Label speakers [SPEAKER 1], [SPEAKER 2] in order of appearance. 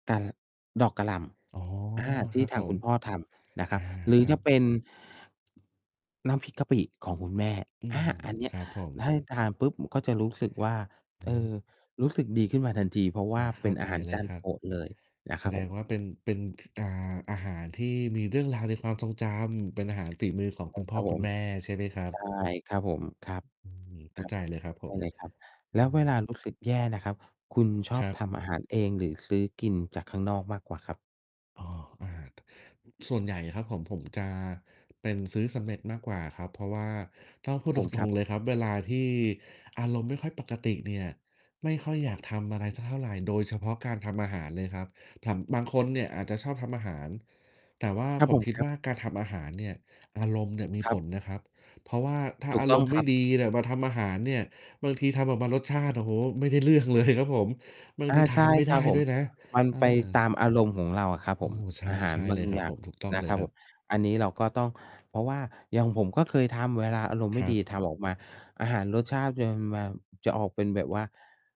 [SPEAKER 1] กา ล ดอกกะหล่
[SPEAKER 2] อ๋อ
[SPEAKER 1] ำ อา ท
[SPEAKER 2] คร
[SPEAKER 1] ี่
[SPEAKER 2] ับ
[SPEAKER 1] ท
[SPEAKER 2] ผ
[SPEAKER 1] างค
[SPEAKER 2] ม
[SPEAKER 1] ุณพ่อทำนะค
[SPEAKER 2] อ
[SPEAKER 1] รั
[SPEAKER 2] า
[SPEAKER 1] บ หรื
[SPEAKER 2] ค
[SPEAKER 1] อ
[SPEAKER 2] ร
[SPEAKER 1] จ
[SPEAKER 2] ั
[SPEAKER 1] ะ
[SPEAKER 2] บ
[SPEAKER 1] เป็น น้ำพริกกะปิของคุณแม่
[SPEAKER 2] อื
[SPEAKER 1] อา
[SPEAKER 2] ม
[SPEAKER 1] อันเนี้
[SPEAKER 2] ค
[SPEAKER 1] ย
[SPEAKER 2] รับผม
[SPEAKER 1] ให้ทานปุ๊บก็จะรู้สึกว่า
[SPEAKER 2] อื
[SPEAKER 1] เออ รู
[SPEAKER 2] อ
[SPEAKER 1] ้สึกดีขึ้นมาทันที เพราะว
[SPEAKER 2] อ
[SPEAKER 1] ่า
[SPEAKER 2] า เ
[SPEAKER 1] เ
[SPEAKER 2] ข
[SPEAKER 1] ป็
[SPEAKER 2] ้า
[SPEAKER 1] น
[SPEAKER 2] ใ
[SPEAKER 1] อา
[SPEAKER 2] จ
[SPEAKER 1] หาร
[SPEAKER 2] เล
[SPEAKER 1] จ
[SPEAKER 2] ย
[SPEAKER 1] าน
[SPEAKER 2] ครั
[SPEAKER 1] โ
[SPEAKER 2] บ
[SPEAKER 1] ปรดเลยนะ
[SPEAKER 2] แ
[SPEAKER 1] ค
[SPEAKER 2] ส
[SPEAKER 1] รับ
[SPEAKER 2] ด
[SPEAKER 1] ผ
[SPEAKER 2] ง
[SPEAKER 1] ม
[SPEAKER 2] ว่าเป็น เป็น ท อ่า อาหารที่มีเรื่องราวในความทรงจำ เป็นอาหารฝีมือของ
[SPEAKER 1] ใช
[SPEAKER 2] ค
[SPEAKER 1] ่
[SPEAKER 2] ุณพ
[SPEAKER 1] ค
[SPEAKER 2] ่
[SPEAKER 1] ร
[SPEAKER 2] อ
[SPEAKER 1] ับผ
[SPEAKER 2] คุณ
[SPEAKER 1] ม
[SPEAKER 2] แม่ใช่ไหมครับ?
[SPEAKER 1] ใช่ ครับผม ครับ
[SPEAKER 2] อืม เข
[SPEAKER 1] ค
[SPEAKER 2] ้
[SPEAKER 1] ร
[SPEAKER 2] า
[SPEAKER 1] ั
[SPEAKER 2] ใ
[SPEAKER 1] บ
[SPEAKER 2] จเลยครับผ
[SPEAKER 1] ได้
[SPEAKER 2] ม
[SPEAKER 1] เลยครับ แ
[SPEAKER 2] อ
[SPEAKER 1] ล้
[SPEAKER 2] ื
[SPEAKER 1] วเวล
[SPEAKER 2] ม
[SPEAKER 1] ารู้สึกแย่นะครับ คุณชอ
[SPEAKER 2] ค
[SPEAKER 1] บ
[SPEAKER 2] รั
[SPEAKER 1] ท
[SPEAKER 2] บ
[SPEAKER 1] ำอาหารเอง หรือซื้อกินจากข้างนอกมากกว่าครับ?
[SPEAKER 2] อ้อ อา ส่วนใหญ่อะครับผม ผมจะเป็นซื้อสำเร็จมากกว่าครับ เพราะว่าต้องพูด
[SPEAKER 1] ผ
[SPEAKER 2] ต
[SPEAKER 1] มคร
[SPEAKER 2] ร
[SPEAKER 1] ั
[SPEAKER 2] ง
[SPEAKER 1] บ
[SPEAKER 2] ๆ เลยครับ เวลาที่อารมณ์ไม่ค่อยปกติเนี่ย ไม่ค่อยอยากทำอะไรสักเท่าไร โดยเฉพาะการทำอาหารเลยครับ ทำ บางคนเนี่ยอาจจะชอบทำอาหาร แต่ว่า
[SPEAKER 1] ครับ
[SPEAKER 2] ผ
[SPEAKER 1] ผ
[SPEAKER 2] ม
[SPEAKER 1] ม
[SPEAKER 2] คิด
[SPEAKER 1] ครั
[SPEAKER 2] ว
[SPEAKER 1] บ
[SPEAKER 2] ่า การทำอาหารเนี่ย อารมณ์เนี่ยมี
[SPEAKER 1] คร
[SPEAKER 2] ผ
[SPEAKER 1] ับ
[SPEAKER 2] ลนะครับ เพราะว่าถ้า
[SPEAKER 1] ถู
[SPEAKER 2] อ
[SPEAKER 1] ก
[SPEAKER 2] า
[SPEAKER 1] ต
[SPEAKER 2] ร
[SPEAKER 1] ้อง
[SPEAKER 2] มณ์ไ
[SPEAKER 1] ค
[SPEAKER 2] ม
[SPEAKER 1] รั
[SPEAKER 2] ่
[SPEAKER 1] บ
[SPEAKER 2] ดีเนี่ยมาทำอาหารเนี่ย บางทีทำออกมารสชาติ โอ้โฮ ไม่ได้เรื่อง เลย ครับผม บาง
[SPEAKER 1] อา
[SPEAKER 2] ทีท
[SPEAKER 1] ใช
[SPEAKER 2] า
[SPEAKER 1] ่
[SPEAKER 2] นไม่
[SPEAKER 1] ค
[SPEAKER 2] ไ
[SPEAKER 1] ร
[SPEAKER 2] ด
[SPEAKER 1] ั
[SPEAKER 2] ้
[SPEAKER 1] บผ
[SPEAKER 2] ด้
[SPEAKER 1] ม
[SPEAKER 2] วยนะ
[SPEAKER 1] มัน
[SPEAKER 2] เอ
[SPEAKER 1] ไป
[SPEAKER 2] อ
[SPEAKER 1] ตามอารมณ์ของเราอะครับ
[SPEAKER 2] โอ
[SPEAKER 1] ผ
[SPEAKER 2] ้
[SPEAKER 1] ม
[SPEAKER 2] โฮ ใ
[SPEAKER 1] อาหา
[SPEAKER 2] ช
[SPEAKER 1] ร
[SPEAKER 2] ่
[SPEAKER 1] บ
[SPEAKER 2] ๆ เ
[SPEAKER 1] า
[SPEAKER 2] ล
[SPEAKER 1] ง
[SPEAKER 2] ยคร
[SPEAKER 1] อ
[SPEAKER 2] ั
[SPEAKER 1] ย
[SPEAKER 2] บ
[SPEAKER 1] ่า
[SPEAKER 2] ผ
[SPEAKER 1] ง
[SPEAKER 2] ม ถูกต้อง
[SPEAKER 1] นะ
[SPEAKER 2] เล
[SPEAKER 1] ค
[SPEAKER 2] ย
[SPEAKER 1] รับ
[SPEAKER 2] คร
[SPEAKER 1] ผ
[SPEAKER 2] ับ
[SPEAKER 1] ม อันนี้เราก็ต้อง เพราะว่าอย่างผมก็เคยทำ เวลาอารมณ์
[SPEAKER 2] ค
[SPEAKER 1] ไม่
[SPEAKER 2] รั
[SPEAKER 1] ดี
[SPEAKER 2] บ
[SPEAKER 1] ทำออกมา อาหารรสชาติจะมา จะออกเป็นแบบว่า